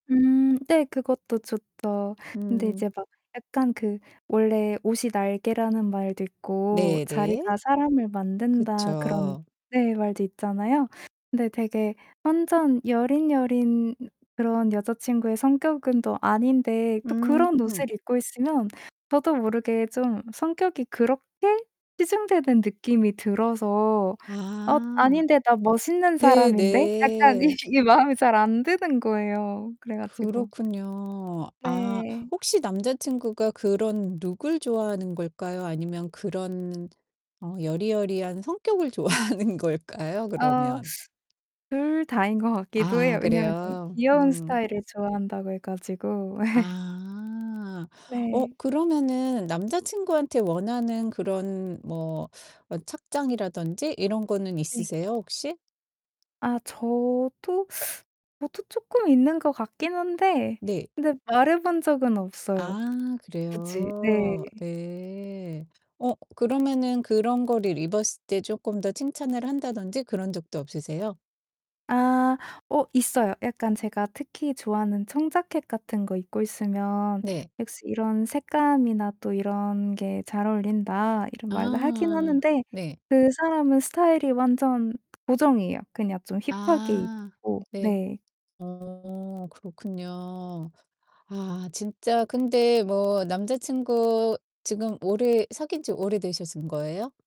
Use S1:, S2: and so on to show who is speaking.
S1: 음 네 그것도 좋죠. 근데
S2: 음.
S1: 이제 막 약간 그 원래 "옷이 날개."라는 말도 있고
S2: 네 네.
S1: "자리가 사람을 만든다." 그런
S2: 그쵸.
S1: 네 말도 있잖아요. 근데 되게 완전 여린, 여린 그런 여자 친구의 성격은 또 아닌데 또
S2: 음.
S1: 그런 옷을 입고 있으면 저도 모르게 좀 성격이 그렇게 치중되는 느낌이 들어서 '엇
S2: 아.
S1: 아닌데? 나 멋있는
S2: 네
S1: 사람인데?' 약간 이
S2: 네.
S1: 이 마음 잘 안 드는 거예요. 그래 가지고
S2: 그렇군요. 아
S1: 네.
S2: 혹시 남자 친구가 그런 룩을 좋아하는 걸까요? 아니면 그런 어 여리여리한 성격을 좋아하는 걸까요?
S1: 어
S2: 그러면.
S1: 2 다인 것 같기도
S2: 아
S1: 해요. 왜냐면 좀
S2: 그래요.
S1: 귀여운
S2: 음.
S1: 스타일을 좋아한다고 해 가지고.
S2: 아. 어
S1: 네.
S2: 그러면은 남자 친구한테 원하는 그런 뭐 착장이라든지 이런 거는
S1: 네.
S2: 있으세요? 혹시?
S1: 아 저도 뭐 또 쪼끔 있는 것 같긴 한데
S2: 네.
S1: 근데 말해 본 적은 없어요
S2: 아
S1: 굳이. 네.
S2: 그래요? 네. 어 그러면은 그런 거를 입었을 때 쪼끔 더 칭찬을 한다든지 그런 적도 없으세요?
S1: 아 어 있어요. 약간 제가 특히 좋아하는 청자켓 같은 거 입고 있으면
S2: 네.
S1: '역시 이런 색감이나 또 이런 게 잘 어울린다.' 이런 말도 하긴
S2: 아
S1: 하는데
S2: 네.
S1: 그 사람은 스타일이 완전 고정이에요. 그냥 좀 힙하게
S2: 아
S1: 입고
S2: 네.
S1: 네.
S2: 어 그렇군요. 아 진짜 근데 뭐 남자 친구 지금 오래 사귄지 오래되신 거예요?